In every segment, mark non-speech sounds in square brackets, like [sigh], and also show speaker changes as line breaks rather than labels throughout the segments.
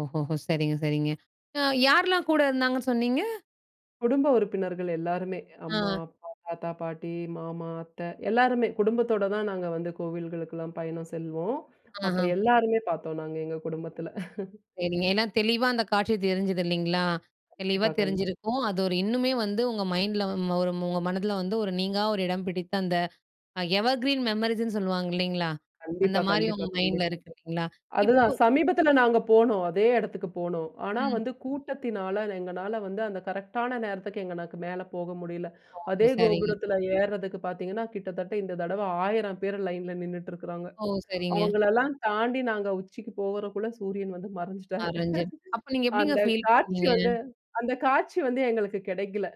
ஓஹோஹோ! சரிங்க, சரிங்க. அ யாரெலாம் கூட இருந்தாங்கன்னு சொன்னீங்க?
குடும்ப உறுப்பினர்கள் எல்லாருமே. அம்மா,
அ.
அப்பா, தாத்தா, பாட்டி, மாமா, அத்த எல்லாருமே குடும்பத்தோடு தான் நாங்க வந்து கோவில்களுக்கெல்லாம் பயணம் செல்வோம். அப்போ
ஆஹா.
எல்லோருமே பாத்தோம் நாங்க எங்க குடும்பத்தில. [chuckles]
சேரிங்க. ஏன்னா தெளிவா அந்த காட்சி தெரிஞ்சுது. இல்லைங்களா? தெளிவா
கண்டிப்பா, கண்டி
தெரிஞ்சிருக்கும் அது ஒரு இன்னுமே வந்து உங்க மைண்டில ஒரு உங்க மனதில வந்து ஒரு நீங்கா ஒரு இடம் பிடித்த அந்த எவர்கிரீன் மெமரீஸ்ன்னு சொல்லுவாங்க இல்லைங்களா? அந்த
கண்டிப்பா,
மாதிரி
கண்டிப்பா,
உங்க மைண்டில
கண்டிப்பா.
இருக்கு இல்லைங்களா?
அதுதான்
இப்போ
சமீபத்தில நாங்க போனோம் அதே இடத்துக்கு போனோம். ஆனா
ம்.
வந்து கூட்டத்தினால எங்களால வந்து அந்த கரெக்ட்டான நேரத்துக்கு எங்களால மேலே போக முடியல.
ஓ!
அதே
சரிங்க.
கோபுரத்தில ஏறுறதுக்கு பாத்தீங்கன்னா, கிட்டத்தட்ட இந்த தடவை 1,000 பேர் லைன்ல நின்னுட்டு இருக்கறாங்க.
ஓ! சரிங்க.
அவுங்களெல்லாம் தாண்டி நாங்க உச்சிக்கு போறக்குள்ள சூரியன் வந்து மறைஞ்சிட்டாரு.
[unintelligible] அப்போ
[chuckles]
நீங்க எப்டிங்க
அந்த
ஃபீல்
காட்சி
பண்ணீங்க?
வந்து, அந்த காட்சி வந்து எங்களுக்கு கிடைக்கல.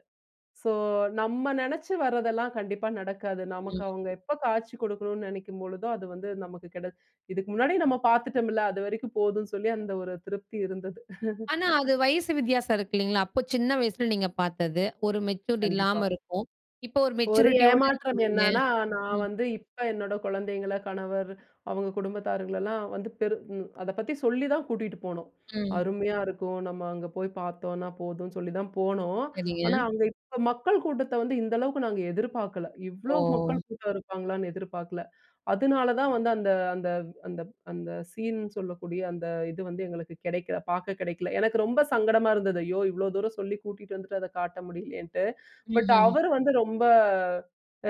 சோ நம்ம நெனைச்சு வர்றதெல்லாம் கண்டிப்பா நடக்காது. நமக்கு
ம்.
அவுங்க எப்ப காட்சி கொடுக்கணும்ன்னு நினைக்கும் பொழுதோ, அது வந்து நமக்கு கிடை இதுக்கு முன்னாடியே நம்ம பாத்துட்டோம்ல்ல அது வரைக்கும் போதும்ன்னு சொல்லி அந்த ஒரு திருப்தி இருந்தது. [chuckles]
ஆனா. அது வயசு வித்தியாசம் இருக்கு இல்லைங்களா? அப்போ சின்ன வயசுல நீங்க பாத்தது. ஒரு மெச்சூரிட்டி
கண்டிப்பா.
இல்லாம இருக்கும். இப்போ ஒரு
ஒரு
மெச்சூரிட்டியோடு
ஏமாற்றம்
இருக்கீங்க.
என்னான்னா. நான்
ம்.
வந்து இப்போ என்னோட குழந்தைங்கள கணவர் அவுங்க குடும்பத்தாரர்களெல்லாம் வந்து பெரு ம். அத பத்தி சொல்லி தான் கூட்டிட்டு போனோம்.
ம்.
அருமையா இருக்கும் நம்ம அங்கே போய் பாத்தோம்னா போதும் சொல்லிதான் போனோம்.
சரிங்க.
ஆனா, அங்கே இப்போ மக்கள் கூட்டத்த வந்து இந்த அளவுக்கு நாங்க எதிர்பார்க்கல
ஓ!
இவ்ளோ மக்கள் கூட்டம் இருப்பாங்களான்னு எதிர்பார்க்கல. அதுனால தான் வந்து அந்த அந்த அந்த அந்த சீன் சொல்லக்கூடிய அந்த இது வந்து எங்களுக்கு கிடைக்கல, பாக்க கிடைக்கல. எனக்கு ரொம்ப சங்கடமா இருந்தது. ஐயோ! இவ்வளோ தூரம் சொல்லி கூட்டிட்டு வந்துட்டு, அத காட்ட முடியலையேன்னுட்டு. பட்
ம்ஹ்ம்.
அவரு வந்து ரொம்ப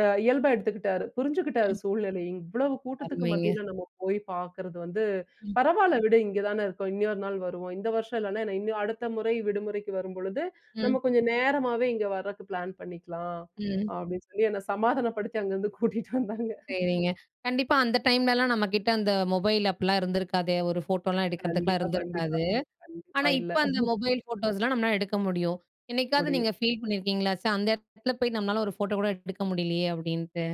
அ இயல்பா எடுத்துக்கிட்டாரு. புரிஞ்சுக்கிட்டாரு
ம்.
சூழ்நிலைய. "இவ்வளவு கூட்டத்துக்கு
அருமைங்க.
மத்தியில நம்ம போய் பாக்கிறது வந்து
ம்.
பரவாயில்ல விடு. இங்கே தானே இருக்கோம். இன்னொரு நாள் வருவோம். இந்த வருஷம் இல்லைனா என்ன இன்னும் அடுத்த முறை விடுமுறைக்கு வரும்பொழுது,
ம்.
நம்ம கொஞ்சம் நேரமாவே இங்கே வரக்கு பிளான் பண்ணிக்கலாம்."
ம்.
அப்டின்னு சொல்லி என்ன சமாதானப்படுத்தி அங்கேருந்து கூட்டிட்டு வந்தாங்க.
சேரிங்க. கண்டிப்பா அந்த டைம்லலாம் நம்மகிட்ட அந்த மொபைல் அப்லாம் இருந்திருக்காதே, ஒரு ஃபோட்டோலாம் எடுக்கிறதுக்குலாம்
கண்டிப்பா, கண்டிப்பா.
இருந்திருக்காது.
கண்டிப்பா.
ஆனா
இல்ல.
இப்போ அந்த மொபைல் ஃபோட்டோஸ்லாம் நம்மனால எடுக்க முடியும். என்னைக்காவது நீங்க
முடியும்.
ஃபீல் பண்ணியிருக்கீங்களா? ச்ச! அந்த இடத்துல போய் நம்மளால ஒரு ஃபோட்டோ கூட எடுக்க முடியலையே. அப்டின்ட்டு.